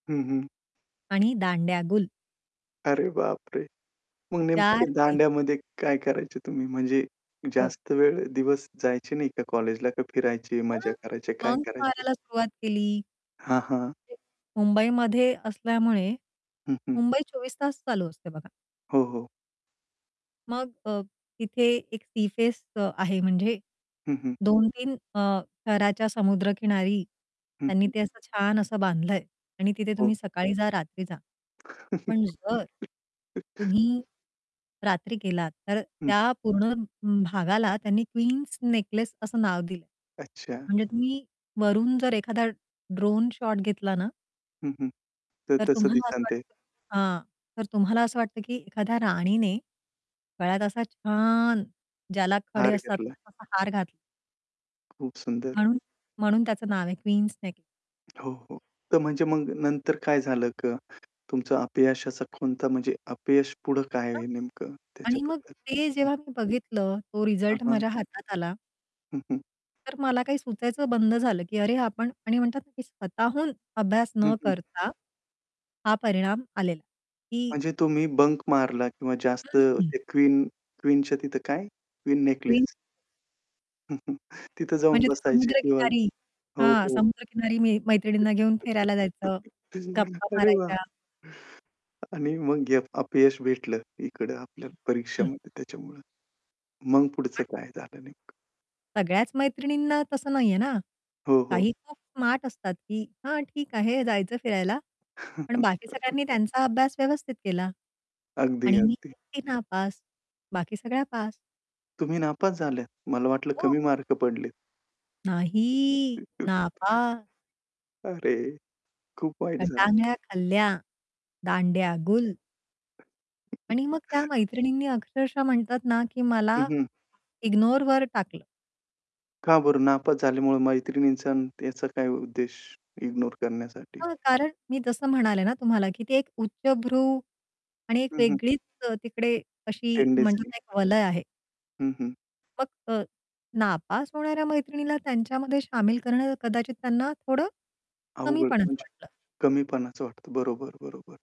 हं, हं. आणि दांड्या गुल. अरे, बापरे! मग नेमकं 4 ते पैकी. दांड्यामध्ये काय करायचे तुम्ही, म्हणजे हो. जास्त वेळ दिवस जायचे नाही का कॉलेजला का फिरायचे, मज्जा मग करायचे, काय बंक करायचे? मारायला सुरुवात केली. हां, हां. ते मुंबईमध्ये असल्यामुळे, हं, हं. मुंबई 24 तास चालू असते बघा. हो, हो. मग अ, तिथे एक सी फेस अ, आहे म्हणजे, हं, हं. 2-3 अ, शहराच्या समुद्रकिनारी हं, त्यांनी हं. ते असं छान असं बांधलंय आणि तिथे हो. तुम्ही सकाळी जा, रात्री जा. पण जर तुम्ही, रात्री गेलात तर हं. त्या पूर्ण भागाला त्यांनी क्वीन्स नेकलेस असं नाव दिलं. अच्छा. म्हणजे तुम्ही वरून जर एखादा ड्रोन शॉट घेतला ना हं, हं. तर तर तसं तुम्हाला असं दिसेल ते. वाटतं हां. तर तुम्हाला असं वाटतं की एखाद्या राणीने गळ्यात असा छान ज्याला खडे हार असतात घेतला. ना, तसा हार घातला. खूप सुंदर. म्हणून म्हणून त्याचं नाव आहे क्वीन नेकलेस. हो, हो. तर म्हणजे मग नंतर काय झालं का? तुमचं अपयशाचा कोणता म्हणजे अपयश पुढं काय आहे [unintelligible] नेमकं आणि मग त्याच्याबद्दल? ते हं. जेव्हा मी बघितलं, तो आ, रिझल्ट हां. माझ्या हातात आला. हं, हं. तर मला काही सुचायचं बंद झालं, की अरे आपण आणि म्हणतात ना की स्वतःहून अभ्यास हं, न हं. करता, हा परिणाम आलेला, की म्हणजे तुम्ही बंक मारला किंवा जास्त हं, हं. ते क्वीन क्वीनच्या तिथं काय? Queen queen necklace. तिथं जाऊन म्हणजे ते बसायचे किंवा समुद्रकिनारी हो, हां, हो. समुद्रकिनारी मी मैत्रिणींना घेऊन फिरायला जायचं, गप्पा अरे वाह! मारायच्या. आणि मग घेप अपयश भेटलं, इकडं हं, आपल्याला हं. परीक्षामध्ये त्याच्यामुळं. मग पुढचं [unintelligible] काय झालं नेमकं? सगळ्याच मैत्रिणींना तसं नाहीये ना. हो, हो. काही खूप स्मार्ट असतात, की हां, ठीक आहे. जायचं फिरायला, पण बाकी सगळ्यांनी त्यांचा अभ्यास व्यवस्थित केला. अगदी, आणि मी अगदी. एकटी नापास, बाकी सगळ्या पास. तुम्ही नापास झाल्या. मला वाटलं हो. कमी मार्क पडलेत. नाही नापा अरे! खूप वाईट झालं. गटांगळ्या खाल्ल्या, दांड्या गुल. [unintelligible] आणि मग त्या मैत्रिणींनी अक्षरशः म्हणतात ना, की हं, मला हं. इग्नोर वर टाकलं. का बरं नापास झाल्यामुळं मैत्रिणींचा अन् याचा काही उद्देश, इग्नोर करण्यासाठी? हां, हां, कारण मी जसं म्हणाले ना तुम्हाला की ती एक उच्चभ्रू आणि एक हं, हं. वेगळीच अ, तिकडे अशी टेंडन्सी. म्हणतात, एक वलय आहे. हं, हं. मग अ, नापास होणाऱ्या मैत्रिणीला त्यांच्यामध्ये शामिल करणं, कदाचित त्यांना थोडं कमी अवघड पणाचं म्हणजे वाटलं. कमीपणाचं वाटतं बरोबर, बरोबर.